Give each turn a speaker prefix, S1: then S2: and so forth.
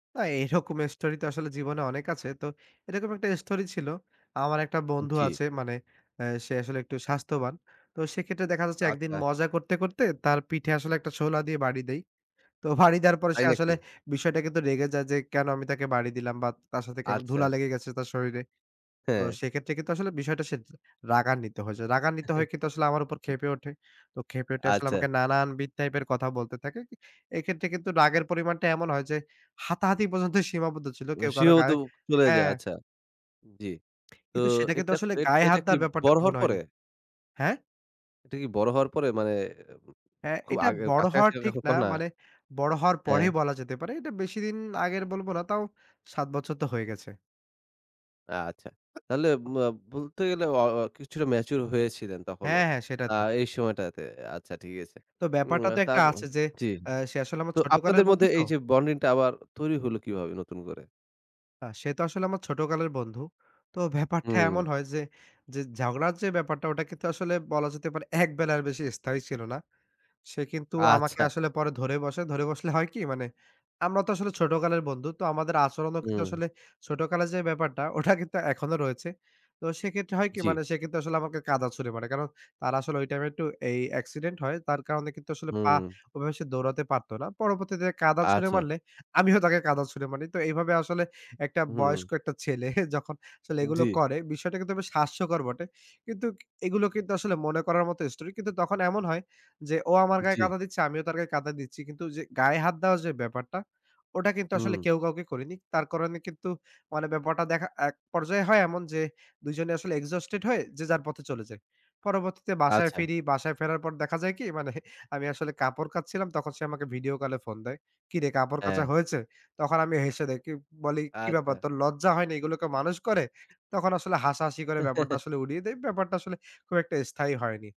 S1: আ এরকম story তো আসলে জীবনে অনেক আছে। তো এরকম একটা story ছিল। আমার একটা
S2: উম
S1: বন্ধু
S2: জি।
S1: আছে মানে অ্যা সে আসলে একটু স্বাস্থ্যবান। তো সেক্ষেত্রে দেখা যাচ্ছে একদিন
S2: আচ্ছা।
S1: মজা করতে, করতে তার পিঠে আসলে একটা সোলা দিয়ে বাড়ি দেই। তো বাড়ি দেওয়ার পরে সে
S2: তাই নাকি?
S1: আসলে বিষয়টা কিন্তু রেগে যায় যে, "কেন আমি তাকে বাড়ি দিলাম!" বা তার সাথে কেন
S2: আচ্ছা।
S1: ধুলা লেগে গেছে তার শরীরে। তো
S2: হ্যাঁ।
S1: সেক্ষেত্রে কিন্তু আসলে বিষয়টা সে জ রাগান্বিত হয়েছে। রাগান্বিত হয়ে কিন্তু আসলে আমার উপর ক্ষেপে ওঠে। তো ক্ষেপে উঠে আসলে
S2: আচ্ছা।
S1: নানান বিধ type এর কথা বলতে থাকে। ই এইক্ষেত্রে কিন্তু রাগের পরিমাণটা এমন হয় যে, হাতাহাতি পর্যন্ত সীমাবদ্ধ ছিল
S2: ও
S1: কেউ কারো
S2: সেও তো
S1: গায়ে
S2: চলে যায়
S1: হ্যাঁ।
S2: আচ্ছা, জি। তো
S1: কিন্তু সেটা কিন্তু
S2: এটা
S1: আসলে
S2: এটা
S1: গায়ে হাত
S2: এটা কি
S1: দেওয়ার ব্যাপারটা
S2: বড়
S1: তখন
S2: হওয়ার পরে?
S1: হয়নি, হ্যাঁ?
S2: এটা কি বড় হওয়ার পরে মানে উম
S1: হ্যাঁ,
S2: খুব
S1: এটা
S2: আগের
S1: বড়
S2: কাছাকাছি
S1: হওয়ার
S2: কা
S1: ঠিক না।
S2: ঘটনা?
S1: মানে বড় হওয়ার পরেই
S2: হ্যাঁ।
S1: বলা যেতে পারে। এটা বেশিদিন আগের বলব না তাও ৭ বছর তো হয়ে গেছে।
S2: আচ্ছা। তাহলে মা বলতে গেলে অ অ কিছুটা mature হয়েছিলেন তখনও।
S1: হ্যাঁ, হ্যাঁ সেটা
S2: আ
S1: তো।
S2: এই সময়টাতে। আচ্ছা ঠিক আছে।
S1: তো
S2: উম
S1: ব্যাপারটা
S2: আ
S1: তো
S2: তা
S1: একটা
S2: উম
S1: আছে যে
S2: জি।
S1: অ্যা সে আসলে আমার
S2: তো
S1: ছোটকালের
S2: আপনাদের
S1: বন্ধু
S2: মধ্যে
S1: তো।
S2: এই যে bonding টা আবার তৈরি হল কিভাবে নতুন করে?
S1: আ সে তো আসলে আমার ছোটকালের বন্ধু। তো ব্যাপারটা
S2: হুম।
S1: এমন হয় যে, যে ঝগড়ার যে ব্যাপারটা ওটাকে তো আসলে বলা যেতে পারে একবেলার স্থায়ী ছিল না। সে কিন্তু আমাকে
S2: আচ্ছা!
S1: আসলে পরে ধরে বসে। ধরে বসলে হয় কি? মানে আমরা তো আসলে ছোটকালের বন্ধু তো আমাদের আচরণও কিন্তু
S2: হুম।
S1: আসলে ছোটকালের যে ব্যাপারটা, ওটা কিন্তু এখনো রয়েছে। তো সেক্ষেত্রে হয় কি
S2: জি।
S1: মানে সে কিন্তু আসলে আমাকে কাদা ছুঁড়ে মারে। কারণ তার আসলে ঐ time এ একটু এই accident হয়। তার কারণে কিন্তু আসলে পা
S2: হুম।
S1: ওইভাবে সে দৌড়াতে পারতো না। পরবর্তীতে কাদা ছুঁড়ে
S2: আচ্ছা।
S1: মারলে, আমিও তাকে কাদা ছুঁড়ে মারি। তো এইভাবে আসলে একটা
S2: হুম।
S1: বয়স্ক একটা ছেলে যখন আসলে এগুলো
S2: জি।
S1: করে বিষয়টা কিন্তু বেশ হাস্যকর বটে! কিন্তু এগুলো কিন্তু আসলে মনে করার মতো story কিন্তু তখন এমন হয়, যে ও আমার গায়ে
S2: জি।
S1: কাদা দিচ্ছে, আমিও তার গায়ে কাদা দিচ্ছি। কিন্তু যে গায়ে হাত দেওয়া যে ব্যাপারটা, ওটা কিন্তু আসলে
S2: হুম।
S1: কেউ কাউকে করেনি। তার করণে কিন্তু মানে ব্যাপারটা দেখা এক পর্যায়ে হয় এমন যে দুজনে আসলে exhausted হয়ে যে যার পথে চলে যাই। পরবর্তীতে বাসায়
S2: আচ্ছা।
S1: ফিরি, বাসায় ফেরার পর দেখা যায় কি? মানে আমি আসলে কাপড় কাচছিলাম তখন সে আমাকে ভিডিও কলে ফোন দেয়, ‘’কিরে কাপড় কাচা
S2: হ্যাঁ।
S1: হয়েছে?‘’ তখন আমি হেসে দেই, কিউ বলি, ‘’কি ব্যাপার
S2: আচ্ছা।
S1: তোর লজ্জা হয়নি এগুলোকে মানুষ করে!‘’ তখন আসলে হাসাহাসি করে ব্যাপারটা আসলে উড়িয়ে দেই। ব্যাপারটা আসলে খুব একটা স্থায়ী হয়নি।